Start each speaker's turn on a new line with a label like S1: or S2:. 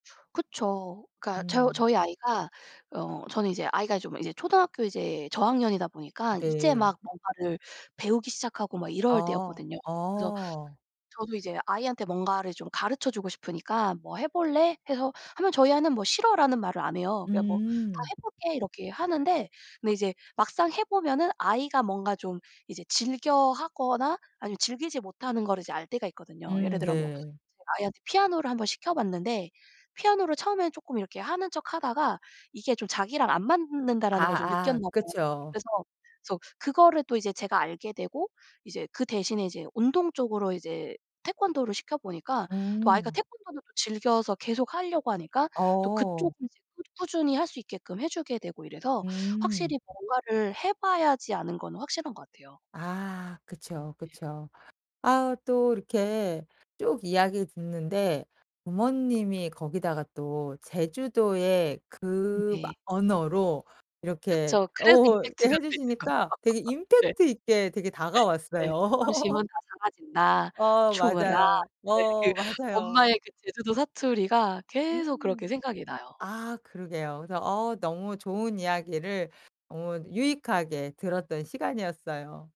S1: 그쵸. 그러니까 저
S2: 음.
S1: 저희 아이가 어 저는 이제 아이가 좀 이제 초등학교 이제 저학년이다 보니까 이제
S2: 네.
S1: 막 뭔가를 배우기 시작하고 막 이럴
S2: 아.
S1: 때였거든요. 그래서
S2: 아.
S1: 저도 이제 아이한테 뭔가를 좀 가르쳐 주고 싶으니까 "뭐 해 볼래?" 해서 하면 저희 아이는 뭐 "싫어."라는 말을 안 해요. 그냥 뭐 "다
S2: 음.
S1: 해 볼게." 이렇게 하는데 근데 이제 막상 해 보면은 아이가 뭔가 좀 이제 즐겨 하거나 아니면 즐기지 못하는 거를 이제 알 때가 있거든요. 예를
S2: 음.
S1: 들어 뭐
S2: 네.
S1: 이제 아이한테 피아노를 한번 시켜 봤는데 피아노를 처음에는 쪼끔 이렇게 하는 척하다가 이게 좀 자기랑 안 맞는다라는 걸 좀
S2: 아.
S1: 느꼈나
S2: 아.
S1: 봐요.
S2: 그쵸.
S1: 그래서 그래서 그거를 또 이제 제가 알게 되고 이제 그 대신에 이제 운동 쪽으로 이제 태권도를 시켜 보니까 또 아이가
S2: 음.
S1: 태권도는 즐겨서 계속하려고 하니까 또 그쪽으로
S2: 어.
S1: 이제 꾸준히 할 수 있게끔 해 주게 되고 이래서
S2: 음.
S1: 확실히 뭔가를 해 봐야지 아는 건 확실한 것 같아요.
S2: 아. 그쵸,
S1: 예.
S2: 그쵸. 아으 또 이렇게 쭉 이야기를 듣는데 부모님이 거기다가 또 제주도의
S1: 음.
S2: 그
S1: 네.
S2: 막 언어로 이렇게
S1: 그쵸. 그래서
S2: 어 이렇게
S1: 임팩트가
S2: 해
S1: 되는 거죠.
S2: 주시니까 되게
S1: 네.
S2: 임팩트 있게 되게
S1: 네.
S2: 다가왔어요.
S1: "사랑심은 다 사라진다.
S2: 어
S1: 충어라."
S2: 맞아요,
S1: 예 그
S2: 어 맞아요.
S1: 엄마의 그 제주도 사투리가 계속 그렇게
S2: 음.
S1: 생각이 나요.
S2: 아. 그러게요. 그래서 어 너무 좋은 이야기를 어
S1: 음.
S2: 유익하게 들었던 시간이었어요.